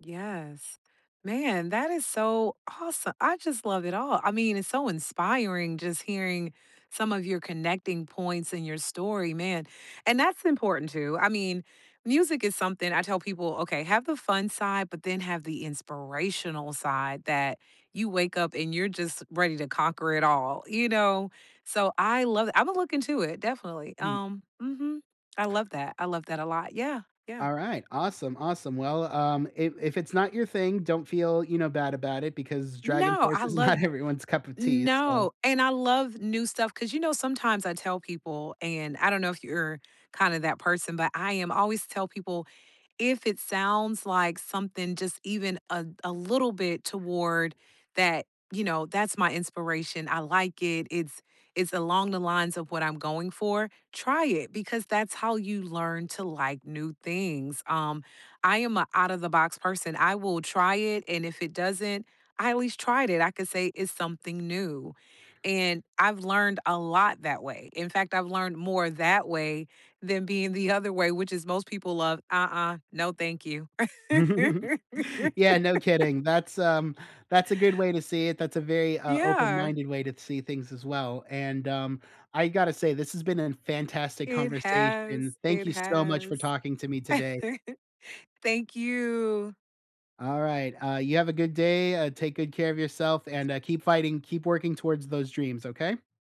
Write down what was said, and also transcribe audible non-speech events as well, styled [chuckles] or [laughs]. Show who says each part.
Speaker 1: Yes, man, that is so awesome I just love it all. I mean, it's so inspiring just hearing some of your connecting points in your story, man And that's important too, I mean, music is something I tell people okay, have the fun side, but then have the inspirational side that you wake up and you're just ready to conquer it all, you know? So, I love it I would look into it, definitely,
Speaker 2: Hmm.
Speaker 1: um, mhm, I love that I love that a lot, yeah, yeah.
Speaker 2: Alright, awesome, awesome, well, um, if if it's not your thing, don't feel, you know, bad about it because Dragon's
Speaker 1: No,
Speaker 2: First
Speaker 1: I
Speaker 2: is
Speaker 1: love
Speaker 2: not everyone's cup of tea, so
Speaker 1: no, and I love new stuff 'cause, you know, sometimes I tell people, and I don't know if you're kinda that person, but I am always tell people "If it sounds like something just even a a little bit toward that you know, that's my inspiration, I like it. It's it's along the lines of what I'm going for. Try it," because that's how you learn to like new things, um, I am a out-of-the-box person. I will try it, and if it doesn't I always tried it. I could say it's something new, and I've learned a lot that way. In fact, I've learned more that way than being the other way, which is most people love, "Uh-uh, no, thank you."
Speaker 2: [chuckles] Yeah, no
Speaker 1: [laughs]
Speaker 2: kidding, that's, um that's a good way to see it. That's a very, uh, open
Speaker 1: Yeah.
Speaker 2: minded way to see things as well, and, um, I gotta say this has been an fantastic
Speaker 1: It
Speaker 2: conversation.
Speaker 1: has,
Speaker 2: Thank
Speaker 1: it
Speaker 2: you so much for
Speaker 1: has.
Speaker 2: talking to me today.
Speaker 1: [chuckles] Thank you.
Speaker 2: Alright, uh, you have a good day, uh, take good care of yourself, and,
Speaker 1: [unintelligible]
Speaker 2: uh, keep fighting. Keep working towards those dreams, okay?